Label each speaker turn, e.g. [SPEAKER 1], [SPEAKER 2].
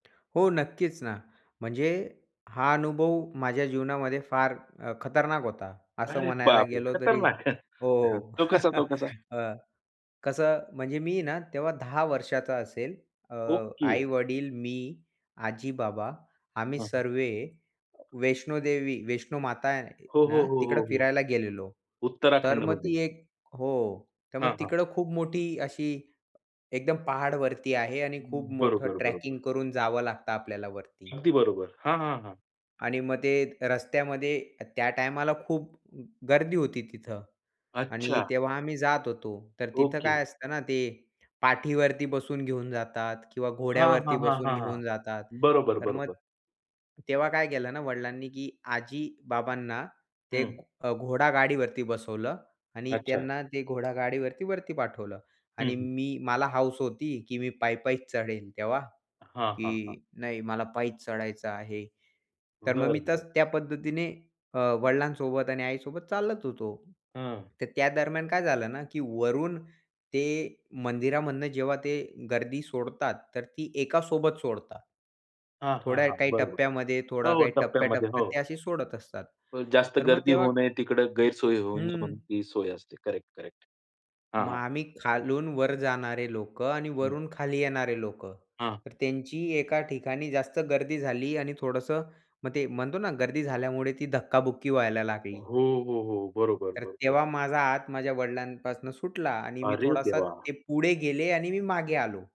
[SPEAKER 1] हो, नक्कीच ना. म्हणजे हा अनुभव माझ्या जीवनामध्ये फार अ, खतरनाक होता, असं
[SPEAKER 2] अरे
[SPEAKER 1] म्हणायला
[SPEAKER 2] बापरे!
[SPEAKER 1] गेलो तरी
[SPEAKER 2] खतरनाक.
[SPEAKER 1] हो, हो.
[SPEAKER 2] तो कसा तो कसा?
[SPEAKER 1] हं, कसं म्हणजे मी ना तेव्हा 10 वर्षाचा असेल. अ,
[SPEAKER 2] ओके.
[SPEAKER 1] आई-वडील, मी, आजी-बाबा आम्ही
[SPEAKER 2] हं.
[SPEAKER 1] सर्व वैष्णो देवी वैष्णो माता आ आहे
[SPEAKER 2] हो, हो,
[SPEAKER 1] ना,
[SPEAKER 2] हो,
[SPEAKER 1] तिकडं
[SPEAKER 2] हो, हो.
[SPEAKER 1] फिरायला गेलेलो. तर मग
[SPEAKER 2] उत्तराखंडमध्ये.
[SPEAKER 1] ती एक हो, तर मग
[SPEAKER 2] हां, हां.
[SPEAKER 1] तिकडं खूप मोठी अशी एकदम पहाडवरती आहे आणि
[SPEAKER 2] अ,
[SPEAKER 1] खूप मोठं
[SPEAKER 2] बरोबर,
[SPEAKER 1] ट्रॅकिंग
[SPEAKER 2] बरोबर.
[SPEAKER 1] करून जावं लागतं आपल्याला वरती.
[SPEAKER 2] अगदी बरोबर, हां, हां, हां.
[SPEAKER 1] आणि मग ते रस्त्यामध्ये अ, त्या टायमाला खूप गर्दी होती तिथं आणि
[SPEAKER 2] अच्छा.
[SPEAKER 1] तेव्हा आम्ही जात होतो, तर तिथं
[SPEAKER 2] ओके.
[SPEAKER 1] काय असतं ना, ते पाठीवरती बसून घेऊन जातात किंवा
[SPEAKER 2] हां, हां,
[SPEAKER 1] घोड्यावरती
[SPEAKER 2] हां,
[SPEAKER 1] बसून
[SPEAKER 2] हां, हां,
[SPEAKER 1] घेऊन जातात.
[SPEAKER 2] बरोबर,
[SPEAKER 1] तर मग
[SPEAKER 2] बरोबर.
[SPEAKER 1] तेव्हा काय केलं ना वडिलांनी, की आजी-बाबांना ते
[SPEAKER 2] हं.
[SPEAKER 1] एक अ, घोडागाडीवरती बसवलं आणि
[SPEAKER 2] अच्छा.
[SPEAKER 1] त्यांना ते घोडागाडीवरती वरती पाठवलं.
[SPEAKER 2] हं,
[SPEAKER 1] आणि
[SPEAKER 2] हं.
[SPEAKER 1] मी मला हौस होती, की मी पायी-पायीच चढेल तेव्हा,
[SPEAKER 2] हां, हां, हां.
[SPEAKER 1] की नाही मला पायीच चढायचं आहे. तर मग
[SPEAKER 2] बरं,
[SPEAKER 1] मी
[SPEAKER 2] बरं.
[SPEAKER 1] तस त्या पद्धतीने अ, वडिलांसोबत आणि आईसोबत चालत होतो.
[SPEAKER 2] हं.
[SPEAKER 1] तर त्या दरम्यान काय झालं ना, की वरून ते मंदिरामधनं जेव्हा ते गर्दी सोडतात, तर ती एकासोबत सोडतात,
[SPEAKER 2] हां, हां,
[SPEAKER 1] थोड्या
[SPEAKER 2] हां,
[SPEAKER 1] काही
[SPEAKER 2] बरोबर,
[SPEAKER 1] टप्प्यामध्ये,
[SPEAKER 2] हो,
[SPEAKER 1] थोडा
[SPEAKER 2] हो,
[SPEAKER 1] काही
[SPEAKER 2] टप्प्यामध्ये हो.
[SPEAKER 1] टप्प्या-टप्प्यात ते अशी सोडत असतात.
[SPEAKER 2] जास्त
[SPEAKER 1] तर मग
[SPEAKER 2] गर्दी
[SPEAKER 1] तेव्हा
[SPEAKER 2] होऊ नये तिकडं गैरसोय होऊ नये
[SPEAKER 1] हं.
[SPEAKER 2] म्हणून ती सोय असते. करेक्ट-करेक्ट, हां,
[SPEAKER 1] मग
[SPEAKER 2] हां.
[SPEAKER 1] आम्ही खालून वर जाणारे लोकं आणि वरून खाली येणारे लोकं,
[SPEAKER 2] हां
[SPEAKER 1] तर त्यांची एका ठिकाणी जास्त गर्दी झाली आणि थोडंसं मग ते म्हणतो ना, गर्दी झाल्यामुळे ती धक्का-बुक्की व्हायला लागली.
[SPEAKER 2] हो, हो, हो, बरोबर,
[SPEAKER 1] तर
[SPEAKER 2] बरोबर.
[SPEAKER 1] तेव्हा माझा हात माझ्या वडिलांपासून सुटला आणि मी
[SPEAKER 2] अरे
[SPEAKER 1] थोडासा
[SPEAKER 2] देवा!
[SPEAKER 1] ते पुढे गेले आणि मी मागे आलो.